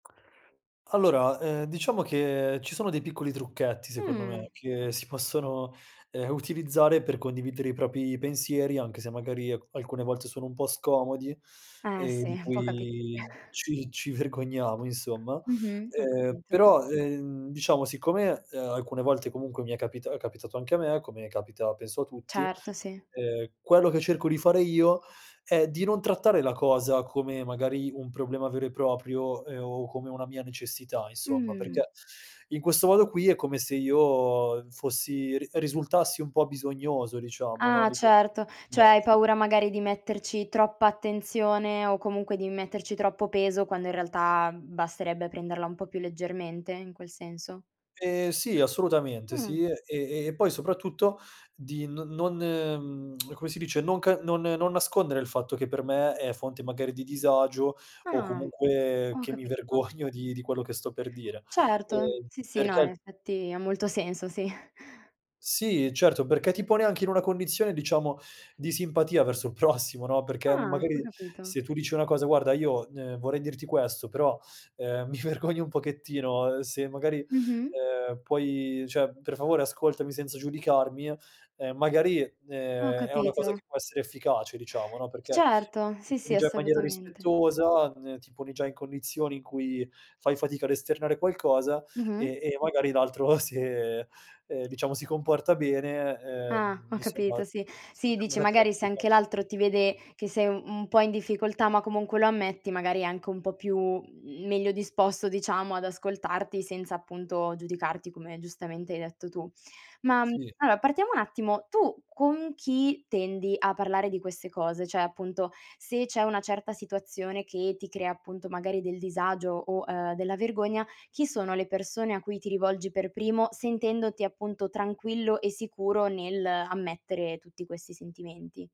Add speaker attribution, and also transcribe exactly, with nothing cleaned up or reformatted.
Speaker 1: Allora, ehm, diciamo che ci sono dei piccoli trucchetti secondo me
Speaker 2: Mh.
Speaker 1: che si possono, ehm, utilizzare per condividere i propri pensieri, anche se magari al alcune volte sono un po' scomodi
Speaker 2: Eh,
Speaker 1: e
Speaker 2: sì.
Speaker 1: di
Speaker 2: Può capitare.
Speaker 1: cui ci ci vergogniamo, insomma.
Speaker 2: Mh-mh, ho
Speaker 1: Ehm,
Speaker 2: capito.
Speaker 1: però, ehm, diciamo, siccome, ehm, alcune volte comunque mi è capita è capitato anche a me, come capita penso a tutti,
Speaker 2: Certo, sì.
Speaker 1: ehm, quello che cerco di fare io è di non trattare la cosa come magari un problema vero e proprio, ehm, o come una mia necessità, insomma, perché
Speaker 2: Mh.
Speaker 1: in questo modo qui è come se io fossi r risultassi un po' bisognoso, diciamo, no,
Speaker 2: Ah,
Speaker 1: nei confronti
Speaker 2: certo.
Speaker 1: di
Speaker 2: ceh hai
Speaker 1: altri.
Speaker 2: paura magari di metterci troppa attenzione o comunque di metterci troppo peso, quando in realtà, mhmm, basterebbe prenderla un po' più leggermente, in quel senso?
Speaker 1: Ehm, sì, assolutamente
Speaker 2: Mh.
Speaker 1: sì. E e e poi soprattutto di n non, mhmm, come si dice, non ca non non nascondere il fatto che per me è fonte magari di disagio o
Speaker 2: Ah.
Speaker 1: comunque
Speaker 2: Ho
Speaker 1: che mi
Speaker 2: capito.
Speaker 1: vergogno di di quello che sto per dire,
Speaker 2: Certo.
Speaker 1: ehm,
Speaker 2: Sì, sì, no, in
Speaker 1: perché
Speaker 2: effetti ha molto senso, sì.
Speaker 1: Sì, certo. Perché ti pone anche in una condizione, diciamo, di simpatia verso il prossimo, no, perché, mhmm,
Speaker 2: Ah. Ho
Speaker 1: magari
Speaker 2: capito.
Speaker 1: se tu dici una cosa: "Guarda, io, ehm, vorrei dirti questo, però, ehm, mi vergogno un pochettino, ehm, se magari,
Speaker 2: Mh-mh.
Speaker 1: ehm, puoi ceh per favore ascoltami senza giudicarmi", ehm, magari,
Speaker 2: Ho
Speaker 1: ehm, è una cosa
Speaker 2: capito.
Speaker 1: che può essere efficace, diciamo, no, perché
Speaker 2: Certo,
Speaker 1: ti
Speaker 2: sì, sì,
Speaker 1: poni già in maniera
Speaker 2: assolutamente.
Speaker 1: rispettosa, ehm, ti poni già in condizioni in cui fai fatica ad esternare qualcosa
Speaker 2: Mh-mh.
Speaker 1: e e magari l'altro, se, ehm, diciamo, si comporta bene,
Speaker 2: Ah,
Speaker 1: ehm,
Speaker 2: ho
Speaker 1: insomma
Speaker 2: capito, sì.
Speaker 1: si
Speaker 2: Sì,
Speaker 1: potrebbe
Speaker 2: dici,
Speaker 1: mettere nei
Speaker 2: magari se
Speaker 1: tuoi panni.
Speaker 2: anche l'altro ti vede che sei, u un po' in difficoltà, ma comunque lo ammetti, magari è anche un po' più, uhm, meglio disposto, diciamo, ad ascoltarti senza appunto giudicarti, come giustamente hai detto tu. Ma
Speaker 1: Sì.
Speaker 2: allora, partiamo un attimo. Tu con chi tendi a parlare di queste cose? ceh, appunto, se c'è una certa situazione che ti crea appunto magari del disagio o, ehm, della vergogna, chi sono le persone a cui ti rivolgi per primo sentendoti appunto tranquillo e sicuro nell'ammettere tutti questi sentimenti?